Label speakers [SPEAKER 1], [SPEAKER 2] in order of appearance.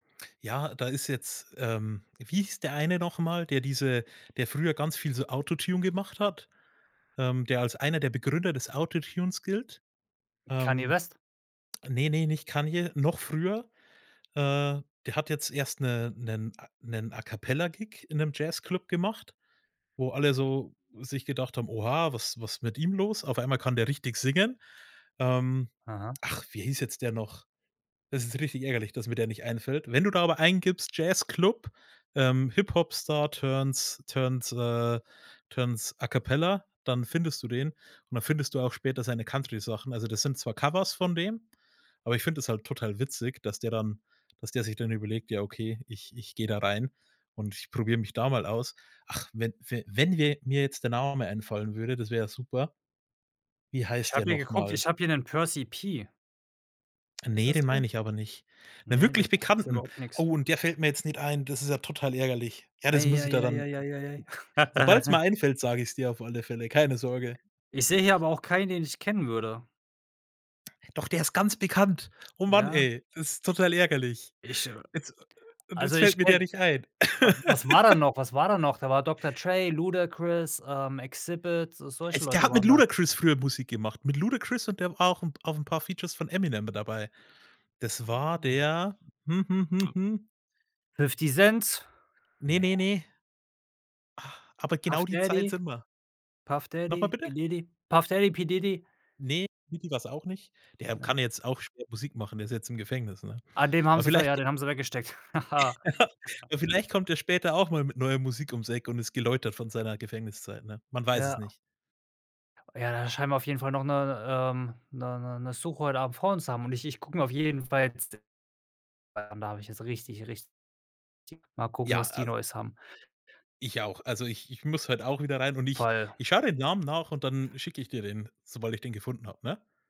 [SPEAKER 1] Ja, da ist jetzt ähm, wie hieß der eine noch mal, der diese der früher ganz viel so Autotune gemacht hat, ähm, der als einer der Begründer des Autotunes gilt?
[SPEAKER 2] Kanye
[SPEAKER 1] Ähm
[SPEAKER 2] West.
[SPEAKER 1] ne, ne, nicht Kanye, noch früher. Äh, der hat jetzt erst 'ne 'nen A 'nen A-Cappella-Gig in 'nem Jazzclub gemacht, wo alle so sich gedacht haben: „Oha, was was mit ihm los? Auf einmal kann der richtig singen“. Ähm.
[SPEAKER 2] Aha.
[SPEAKER 1] Ach, wie hieß jetzt der noch? Es ist richtig ärgerlich, dass mir der nicht einfällt. Wenn du da aber eingibst, Jazzclub, ähm, Hip-Hop-Star turns turns äh, turns A-Cappella, dann findest du den und dann findest du auch später seine Country-Sachen. Also das sind zwar Covers von dem, aber ich finde das halt total witzig, dass der dann dass der sich dann überlegt: „Ja okay, ich ich gehe da rein und ich probiere mich da mal aus.“ Ach, wenn f wenn wir mir jetzt der Name einfallen würde, das wäre ja super. Wie
[SPEAKER 2] Ich
[SPEAKER 1] heißt der
[SPEAKER 2] habe hier
[SPEAKER 1] noch
[SPEAKER 2] geguckt,
[SPEAKER 1] mal?
[SPEAKER 2] ich habe hier 'nen Percy P. Ist
[SPEAKER 1] Ne,
[SPEAKER 2] das
[SPEAKER 1] den
[SPEAKER 2] der?
[SPEAKER 1] meine ich aber nicht, 'nen
[SPEAKER 2] Ne, das
[SPEAKER 1] wirklich
[SPEAKER 2] sagt mir selber
[SPEAKER 1] Bekannten.
[SPEAKER 2] auch nix.
[SPEAKER 1] Oh, und der fällt mir jetzt nicht ein, das ist ja total ärgerlich. Ja, das muss ich dir dann
[SPEAKER 2] Eieieieieieiei.
[SPEAKER 1] sobald's mir einfällt, sage ich's dir auf alle Fälle, keine Sorge.
[SPEAKER 2] Ich sehe hier aber auch keinen, den ich kennen würde.
[SPEAKER 1] Doch der ist ganz bekannt. Oh Mann,
[SPEAKER 2] Ja?
[SPEAKER 1] ey, das ist total ärgerlich.
[SPEAKER 2] Ich, äh
[SPEAKER 1] Jetzt äh äh, und
[SPEAKER 2] also
[SPEAKER 1] jetzt fällt
[SPEAKER 2] ich
[SPEAKER 1] mir der
[SPEAKER 2] kenne
[SPEAKER 1] nicht ein.
[SPEAKER 2] wa was war da noch was war da noch? Da war Dr. Dre, Ludacris, ähm, Xzibit, so
[SPEAKER 1] Äh,
[SPEAKER 2] solche
[SPEAKER 1] der
[SPEAKER 2] Leute
[SPEAKER 1] hat mit
[SPEAKER 2] waren da.
[SPEAKER 1] Ludacris früher Musik gemacht, mit Ludacris und der war auch 'n auf 'n paar Features von Eminem mit dabei. Das war
[SPEAKER 2] Oh.
[SPEAKER 1] der hm, hm, hm, hm.
[SPEAKER 2] 50 Cents?
[SPEAKER 1] Ne,
[SPEAKER 2] Ne.
[SPEAKER 1] ne, ne. Ah, aber
[SPEAKER 2] Puff
[SPEAKER 1] genau die Zeit
[SPEAKER 2] Daddy,
[SPEAKER 1] sind wir.
[SPEAKER 2] Puff
[SPEAKER 1] Noch mal
[SPEAKER 2] Daddy, P.
[SPEAKER 1] bitte?
[SPEAKER 2] Diddy, Puff Daddy, P. Diddy
[SPEAKER 1] Ne, Diddy war's auch nicht. Der kann
[SPEAKER 2] Ne.
[SPEAKER 1] jetzt auch schwer Musik machen, der ist jetzt im Gefängnis, ne?
[SPEAKER 2] Ah, den haben
[SPEAKER 1] Aber
[SPEAKER 2] sie ver
[SPEAKER 1] vielleicht
[SPEAKER 2] ja,
[SPEAKER 1] g
[SPEAKER 2] den haben sie weggesteckt. Ha, ha.
[SPEAKER 1] aber vielleicht kommt er später auch mal mit neuer Musik ums Eck und ist geläutert von seiner Gefängniszeit, ne? Man weiß es
[SPEAKER 2] Ja.
[SPEAKER 1] nicht.
[SPEAKER 2] Ja, da scheinen wir auf jeden Fall noch 'ne 'ne ähm, 'ne 'ne 'ne Suche heute Abend vor uns haben und ich ich gucke mir auf jeden Fall jetzt [unintelligible] da habe ich jetzt richtig, richtig [unintelligible] mal gucken,
[SPEAKER 1] Ja
[SPEAKER 2] was die
[SPEAKER 1] also
[SPEAKER 2] Neues haben.
[SPEAKER 1] Ich auch. Also ich ich muss heute auch wieder rein und ich
[SPEAKER 2] Fall.
[SPEAKER 1] ich schaue den Namen nach und dann schicke ich dir den, sobald ich den gefunden habe, ne?